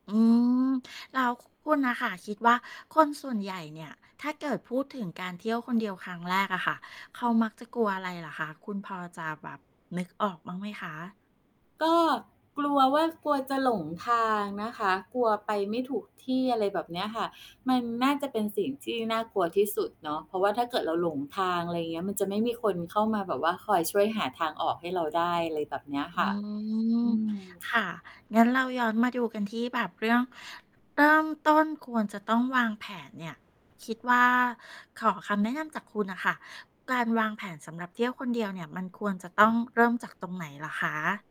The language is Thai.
อืม แล้วคุณน่ะค่ะคิดว่าคนส่วนใหญ่เนี่ย ถ้าเกิดพูดถึงการเที่ยวคนเดียวครั้งแรกอะค่ะ เขามักจะกลัวอะไรเหรอคะ คุณพอจะแบบนึกออกบ้างไหมคะ? ก็กลัวว่า กลัวจะหลงทางนะคะ กลัวไปไม่ถูกที่อะไรแบบนี้ค่ะ มันน่าจะเป็นสิ่งที่น่ากลัวที่สุดเนาะ เพราะว่าถ้าเกิดเราหลงทาง อะไรอย่างเงี้ย มันจะไม่มีคนเข้ามาแบบว่าคอยช่วยหาทางออกให้เราได้ อะไรแบบเนี้ยอคื่ะ ม อืม ค่ะ งั้นเราย้อนมาดูกันที่แบบเรื่อง เริ่มต้นควรจะต้องวางแผนเนี่ยคิดว่า ขอคำแนะนำจากคุณน่ะค่ะ การวางแผนสำหรับเที่ยวคนเดียวเนี่ย มันควรจะต้องเริ่มจากตรงไหนเหรอคะ?